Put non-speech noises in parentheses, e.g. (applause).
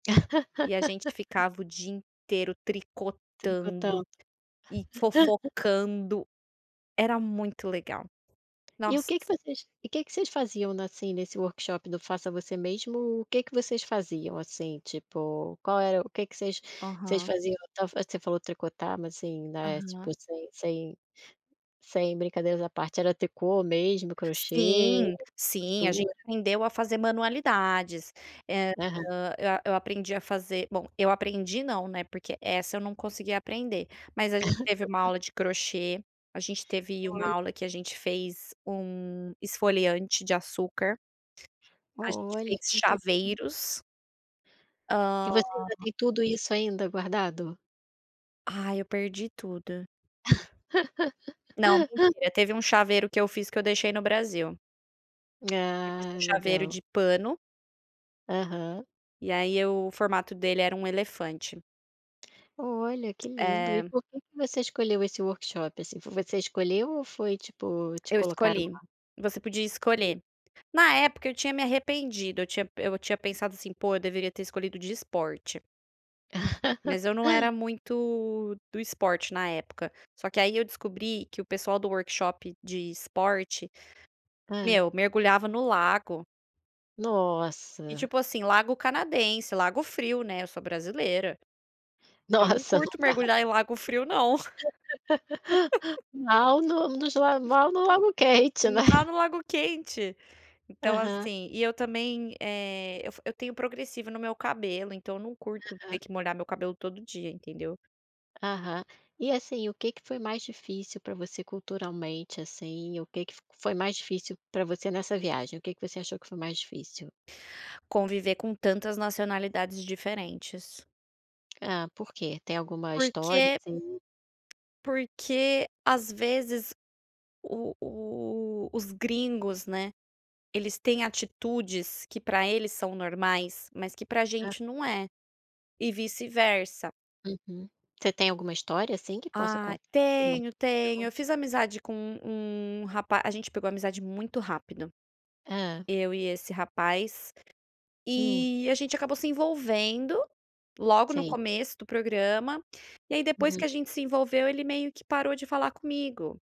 E a gente (laughs) ficava o dia inteiro Tricotando. tricotando e (laughs) fofocando era muito legal. E o Nossa! que que vocês e que que vocês faziam na, assim, nesse workshop do faça você mesmo, o que que vocês faziam, assim, tipo, qual era o que que vocês Aham. faziam você falou tricotar mas assim, né, tipo, Aham. sem sem sem brincadeiras à parte, era tricô mesmo, crochê, Sim, sim. A gente costura? aprendeu a fazer manualidades. Eh, Aham. ah, eh, eu aprendi a fazer, bom, eu aprendi, não, né, porque essa eu não consegui aprender mas a gente teve uma (laughs) aula de crochê, a gente teve uma Olha! aula em que a gente fez 1 esfoliante de açúcar, a gente Olha! fez Que interessante. chaveiros. E Ah você ainda tem tudo isso ainda guardado? Aí, eu perdi tudo. Não, (laughs) mentira. Teve um chaveiro que eu fiz que eu deixei no Brasil. Eu fiz um Ah, chaveiro legal! de pano Aham. e, aí, o formato dele era um elefante. Olha, que lindo! E É. por que que você escolheu esse workshop, assim? Foi você que escolheu, ou foi, tipo, te Eu colocaram escolhi, lá? você podia Hum. escolher. Na época eu tinha me arrependido, eu tinha pe eu tinha pensado assim: "Pô, eu deveria ter escolhido de esporte." Mas eu não (laughs) era muito do esporte na época. Só que, aí, eu descobri que o pessoal do workshop de esporte, Hã. meu, mergulhava no lago. E Nossa! tipo assim, lago canadense, lago frio, né, eu sou brasileira. Eu não Nossa, não curto dá mergulhar em pra lago frio não. (laughs) (laughs) Mal nos lag mal no lago quente, né? Lá no lago quente então, Aham. assim, e eu também, eh, eu eu tenho progressiva no meu cabelo então eu não curto ter Aham. que molhar meu cabelo todo dia, entendeu? Aham. E, assim, o que que foi mais difícil pra você culturalmente, assim, o que fic foi mais difícil para você nessa viagem? O que que você achou que foi mais difícil? Conviver com tantas nacionalidades diferentes. Ah, por quê? Tem alguma história Porque assim? porque, às vezes, o o os gringos, né, eles têm atitudes que para eles são normais mas que pra Hã. gente não é, e vice-versa. Uhum. Você tem alguma história assim que possa Ah, contar? tenho, tenho. (unintelligible) Eu fiz amizade com um um rapaz a gente pegou amizade muito rápido, Hã. eu e esse rapaz, Hum. e a gente acabou se envolvendo logo no Sim. começo do programa e aí depois Hum. que a gente se envolveu ele meio que parou de falar comigo.